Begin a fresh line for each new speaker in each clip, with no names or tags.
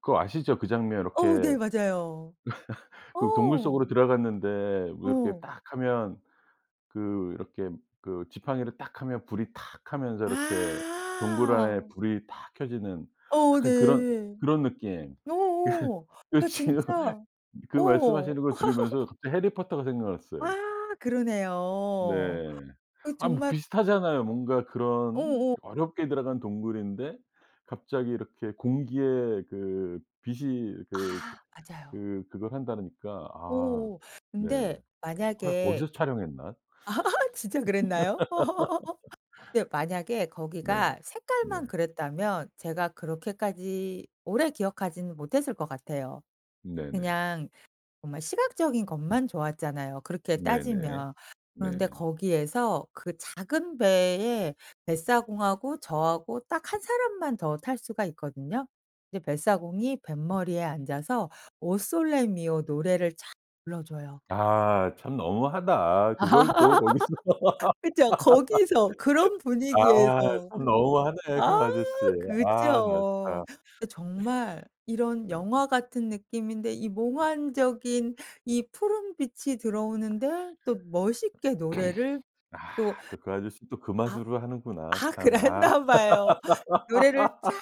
그거 아시죠? 그 장면
어 네
요렇게
맞아요. 어.
그 동굴 속으로 들어갔는데 뭐 이렇게
어.
딱 하면 그 이렇게 그 지팡이를 딱 하면 불이 탁 하면서 이렇게 동굴
아.
안에 불이 탁 켜지는
어
약간 그런
네.
그런 느낌. 그
어어
그
그러니까
지금
진짜
그 말씀하시는
어.
들으면서 갑자기 해리 포터가
아
생각났어요. 네.
그러네요. 그
아 뭐
정말
비슷하잖아요. 뭔가 그런
어어.
어렵게 들어간 동굴인데 갑자기 이렇게 공기에 그 빛이 그
아 맞아요.
그 그걸 한다니까. 아.
오
네.
근데
헐
만약에
거기서 촬영했나?
아 진짜 그랬나요? 근데 만약에
네.
거기가
네.
색깔만 그랬다면 제가 그렇게까지 오래 기억하지는 못했을 것 같아요.
네네.
그냥 정말 시각적인 것만 좋았잖아요 그렇게
네네.
따지면.
네.
그런데 거기에서 그 작은 배에 뱃사공하고 저하고 딱 한 사람만 더 탈 수가 있거든요. 이제 뱃사공이 뱃머리에 앉아서 오 솔레 미오 노래를 촥 불러줘요.
아 참 너무하다. 그걸 또 거기서.
그쵸. 거기서 그런
아
분위기에서
참 너무하네 그
아
아저씨. 아 나
그죠.
참.
그 정말 이런
네.
영화 같은 느낌인데 이 몽환적인 이 푸른 빛이 들어오는데 또 멋있게 노래를
아
또
또 그 아저씨는 또 그
아.
맛으로 하는구나
아
참 아.
그랬나 봐요. 노래를 쫙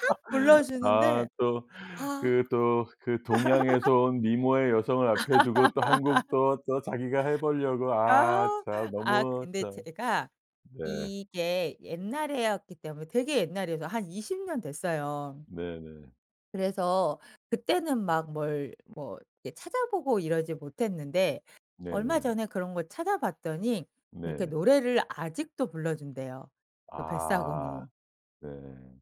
아
불러주는데
또
'아.'
그 또 그 동양에서 온 미모의 여성을 앞에 두고 또 1 곡 또, 또 자기가 해 보려고 아
아.
참
아
너무
근데
참.
제가
네.
이게 옛날이었기 때문에 되게 옛날이어서 한 20 년 됐어요.
네네.
그래서 그때는 막 뭘 뭐 이렇게 찾아보고 이러지 못했는데 얼마
네네.
전에 그런 걸 찾아봤더니 그렇게
네네.
노래를 아직도 불러준대요 그
아
뱃사공이.
네.